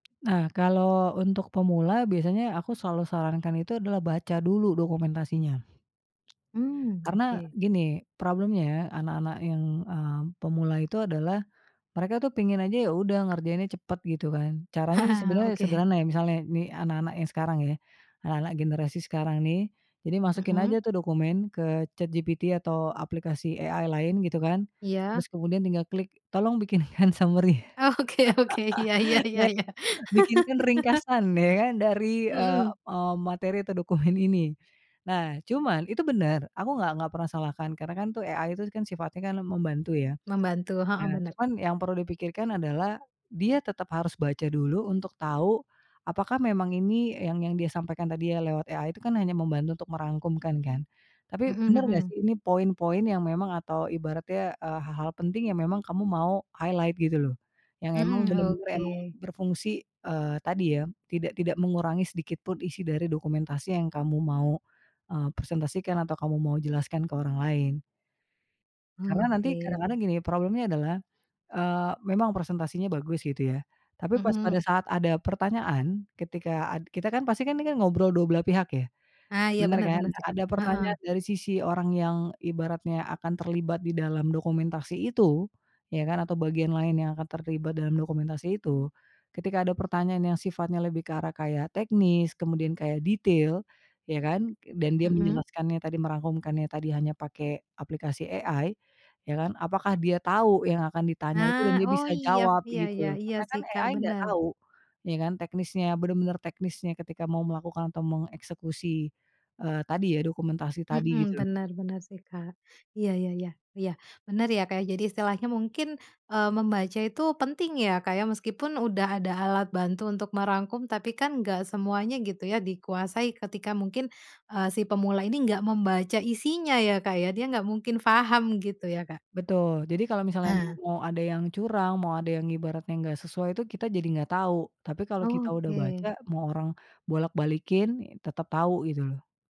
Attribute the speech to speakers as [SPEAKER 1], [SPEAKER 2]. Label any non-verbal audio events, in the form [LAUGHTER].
[SPEAKER 1] Nah, kalau untuk pemula biasanya aku selalu sarankan itu adalah baca dulu dokumentasinya.
[SPEAKER 2] Mhm,
[SPEAKER 1] Karena
[SPEAKER 2] oke.
[SPEAKER 1] gini problemnya, anak-anak yang, eee, pemula itu adalah mereka tuh pingin aja, ya udah ngerjainnya cepet gitu kan, caranya sih
[SPEAKER 2] [LAUGHS]
[SPEAKER 1] sebenarnya
[SPEAKER 2] Oke.
[SPEAKER 1] sederhana ya, misalnya ini anak-anak yang sekarang ya, anak-anak generasi sekarang nih, jadi masukin
[SPEAKER 2] Mhm.
[SPEAKER 1] aja tuh dokumen ke ChatGPT atau aplikasi AI lain gitu kan,
[SPEAKER 2] Iya.
[SPEAKER 1] terus kemudian tinggal klik tolong bikinkan summary.
[SPEAKER 2] Oke oke. Ya ya ya ya.
[SPEAKER 1] [LAUGHS] Bikinkan
[SPEAKER 2] [LAUGHS]
[SPEAKER 1] ringkasan ya kan, dari eee
[SPEAKER 2] Mhm.
[SPEAKER 1] eee, materi atau dokumen ini. Nah, cuman itu benar, aku enggak enggak pernah salahkan karena kan tuh AI itu kan sifatnya kan membantu ya.
[SPEAKER 2] Membantu heeh,
[SPEAKER 1] Nah,
[SPEAKER 2] bener, Kak.
[SPEAKER 1] cuman yang perlu dipikirkan adalah dia tetap harus baca dulu untuk tahu apakah memang ini yang yang dia sampaikan tadi ya lewat AI itu kan hanya membantu untuk merangkumkan kan, tapi
[SPEAKER 2] Mhm
[SPEAKER 1] benar nggak
[SPEAKER 2] mhm.
[SPEAKER 1] sih ini poin-poin yang memang atau ibaratnya, eee, hal-hal penting yang memang kamu mau highlight gitu loh, yang memang
[SPEAKER 2] Mhm,
[SPEAKER 1] benar-benar memang
[SPEAKER 2] oke.
[SPEAKER 1] berfungsi, eee, tadi ya, tidak tidak mengurangi sedikitpun isi dari dokumentasi yang kamu mau, eee, presentasikan atau kamu mau jelaskan ke orang lain. Karena nanti
[SPEAKER 2] Oke.
[SPEAKER 1] kadang-kadang gini problemnya adalah, eee, memang presentasinya bagus gitu ya, tapi pas pada
[SPEAKER 2] Mhm.
[SPEAKER 1] saat ada pertanyaan, ketika ad kita kan pasti kan nih kan, ngobrol dua belah pihak ya,
[SPEAKER 2] Nah, iya.
[SPEAKER 1] benar
[SPEAKER 2] Bener
[SPEAKER 1] kan?
[SPEAKER 2] bener sih, Kak.
[SPEAKER 1] Ada
[SPEAKER 2] Heeh.
[SPEAKER 1] pertanyaan dari sisi orang yang ibaratnya akan terlibat di dalam dokumentasi itu, ya kan atau bagian lain yang akan terlibat dalam dokumentasi itu, ketika ada pertanyaan yang sifatnya lebih ke arah kayak teknis kemudian kayak detail ya kan, k dan dia
[SPEAKER 2] Heeh.
[SPEAKER 1] menjelaskannya tadi merangkumkannya tadi hanya pakai aplikasi AI ya kan, apakah dia tahu yang akan ditanya itu dan
[SPEAKER 2] Nah.
[SPEAKER 1] dia
[SPEAKER 2] Oh
[SPEAKER 1] bisa
[SPEAKER 2] iya,
[SPEAKER 1] jawab
[SPEAKER 2] iya
[SPEAKER 1] gitu
[SPEAKER 2] iya
[SPEAKER 1] loh?
[SPEAKER 2] iya
[SPEAKER 1] Karena
[SPEAKER 2] sih
[SPEAKER 1] kan
[SPEAKER 2] Kak,
[SPEAKER 1] AI enggak
[SPEAKER 2] bener.
[SPEAKER 1] tahu ya kan, teknisnya bener-bener teknisnya ketika mau melakukan atau mengeksekusi, eee, tadi ya, dokumentasi tadi gitu
[SPEAKER 2] Mhm,
[SPEAKER 1] loh.
[SPEAKER 2] benar benar sih Kak. Iya, ya ya iya, bener ya, Kak. Jadi, istilahnya mungkin, eee, membaca itu penting ya, Kak, ya, meskipun udah ada alat bantu untuk merangkum tapi kan enggak semuanya gitu ya, dikuasai ketika mungkin, eee, si pemula ini enggak membaca isinya ya, Kak, ya, dia enggak mungkin paham gitu ya, Kak.
[SPEAKER 1] Betul, jadi kalau misalnya
[SPEAKER 2] Nah.
[SPEAKER 1] mau ada yang curang, mau ada yang ibaratnya enggak sesuai, itu kita jadi enggak tahu. Tapi kalau kita udah baca,
[SPEAKER 2] Oke.
[SPEAKER 1] mau orang bolak balikin, ya, tetap tahu gitu loh.